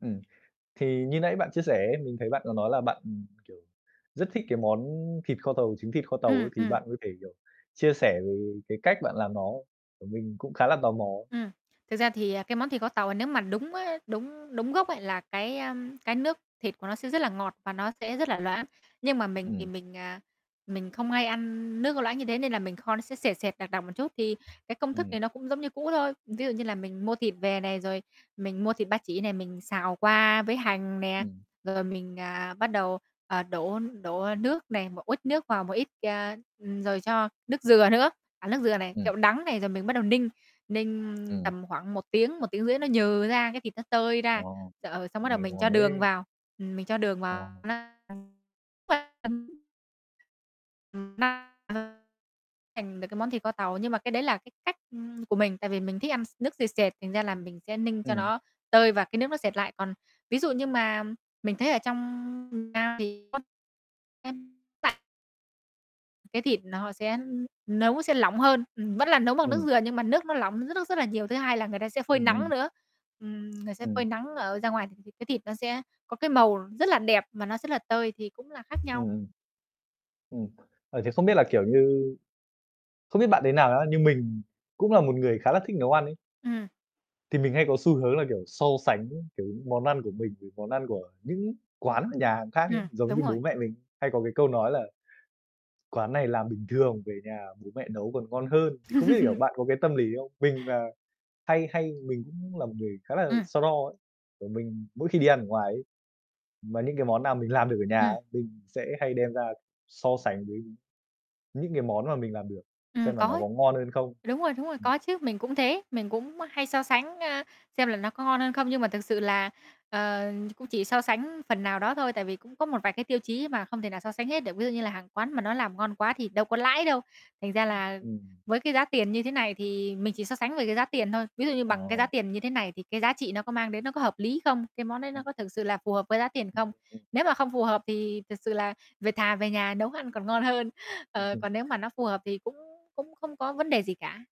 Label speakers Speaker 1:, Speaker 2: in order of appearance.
Speaker 1: Ừm. Thì như nãy bạn chia sẻ ấy, mình thấy bạn có nói là bạn, ừm, kiểu, rất thích cái món thịt kho tàu, trứng thịt kho tàu
Speaker 2: Ừm,
Speaker 1: ấy thì
Speaker 2: ừm.
Speaker 1: bạn có thể, kiểu, chia sẻ về cái cách bạn làm nó? Tại mình cũng khá là tò mò ấy.
Speaker 2: Ừm, thực ra thì, à, cái món thịt kho tàu à nếu mà đúng á, đúng đúng gốc ấy là cái, a, cái nước thịt của nó sẽ rất là ngọt và nó sẽ rất là loãng. Nhưng mà mình thì
Speaker 1: Ừm.
Speaker 2: mình, à, mình không hay ăn nước có loãng như thế nên là mình kho nó sẽ sệt sệt, đặc đặc một chút. Thì cái công thức
Speaker 1: Ừm.
Speaker 2: này nó cũng giống như cũ thôi. Ví dụ như là mình mua thịt về này, rồi mình mua thịt ba chỉ này, mình xào qua với hành nè,
Speaker 1: Ừm.
Speaker 2: rồi mình, à, bắt đầu, à, đổ đổ, a, nước nè, một uất nước vào, một ít, à, ừm rồi cho nước dừa nữa, à, nước dừa này,
Speaker 1: Ừm.
Speaker 2: kẹo đắng này, rồi mình bắt đầu ninh, ninh
Speaker 1: Ừm.
Speaker 2: tầm khoảng 1 tiếng, 1,5 tiếng nó nhừ ra, cái thịt nó tơi
Speaker 1: Ờ,
Speaker 2: ra, xà, ờ, xong bắt đầu
Speaker 1: nghe
Speaker 2: mình cho
Speaker 1: ngon
Speaker 2: đường
Speaker 1: thế!
Speaker 2: vào, ừm, mình cho đường
Speaker 1: Ồ.
Speaker 2: vào. [unintelligible] thành được cái món thịt kho tàu. Nhưng mà cái đấy là cái cách, ưm, của mình, tại vì mình thích ăn s nước sệt sệt thành ra là mình sẽ ninh cho
Speaker 1: Ừm.
Speaker 2: nó tơi và cái nước nó sệt lại. Còn ví dụ như mà mình thấy ở trong miền Nam thì có [unintelligible] Cái thịt nó sẽ ư, nấu sẽ lỏng hơn, ừm, vẫn là nấu bằng nước
Speaker 1: Ừm.
Speaker 2: dừa nhưng mà nước nó lỏng rất rất là nhiều. Thứ hai là người ta sẽ phơi
Speaker 1: Ừm,
Speaker 2: nắng
Speaker 1: ừm.
Speaker 2: nữa. Ừm, người sẽ phơi
Speaker 1: Ừm.
Speaker 2: nắng ở ra ngoài thì cái cái thịt nó sẽ có cái màu rất là đẹp mà nó rất là tơi thì cũng là khác
Speaker 1: Ừm,
Speaker 2: nhau.
Speaker 1: ừm. Ừm, ờ, thì không biết là, kiểu như không biết bạn thế nào á, nhưng mình cũng là một người khá là thích nấu ăn ấy.
Speaker 2: Ừm.
Speaker 1: Thì mình hay có xu hướng là, kiểu, so sánh với, kiểu, những món ăn của mình với món ăn của những quán, nhà hàng khác ấy.
Speaker 2: Ừm,
Speaker 1: Giống
Speaker 2: đúng
Speaker 1: như,
Speaker 2: rồi.
Speaker 1: bố mẹ mình hay có cái câu nói là "Quán này làm bình thường về nhà bố mẹ nấu còn ngon hơn." Thì không biết, kiểu, bạn có cái tâm lý không? Mình là hay hay mình cũng là một người khá là
Speaker 2: Ừm.
Speaker 1: so đo ấy, kiểu, mình mỗi khi đi ăn ở ngoài ấy, mà những cái món nào mình làm được ở nhà á,
Speaker 2: Ừm.
Speaker 1: mình sẽ hay đem ra so sánh với những cái món mà mình làm được,
Speaker 2: Ừm,
Speaker 1: xem là
Speaker 2: có
Speaker 1: nó
Speaker 2: ấy.
Speaker 1: có ngon hơn không.
Speaker 2: Đúng rồi, đúng rồi,
Speaker 1: Ừm.
Speaker 2: có chứ, mình cũng thế, mình cũng, ơ, hay so sánh, ơ, xem là nó có ngon hơn không. Nhưng mà thực sự là, ờ, ch cũng chỉ so sánh phần nào đó thôi, tại vì cũng có một vài cái tiêu chí mà không thể nào so sánh hết được. Ví dụ như là hàng quán mà nó làm ngon quá thì đâu có lãi đâu. Thành ra
Speaker 1: Ưm.
Speaker 2: là
Speaker 1: Ừm.
Speaker 2: với cái giá tiền như thế này thì mình chỉ so sánh về cái giá tiền thôi. Ví dụ như bằng cái giá
Speaker 1: Ồ.
Speaker 2: tiền như thế này thì cái giá trị nó có mang đến nó có hợp lý không? Cái món đấy nó
Speaker 1: Ừm.
Speaker 2: có thực sự là phù hợp với giá tiền không?
Speaker 1: [unintelligible]
Speaker 2: Nếu mà không phù hợp thì thực sự là về thà về nhà nấu ăn còn ngon hơn. Ờ,
Speaker 1: [unintelligible]
Speaker 2: còn nếu mà nó phù hợp thì cũng cũng không có vấn đề gì cả.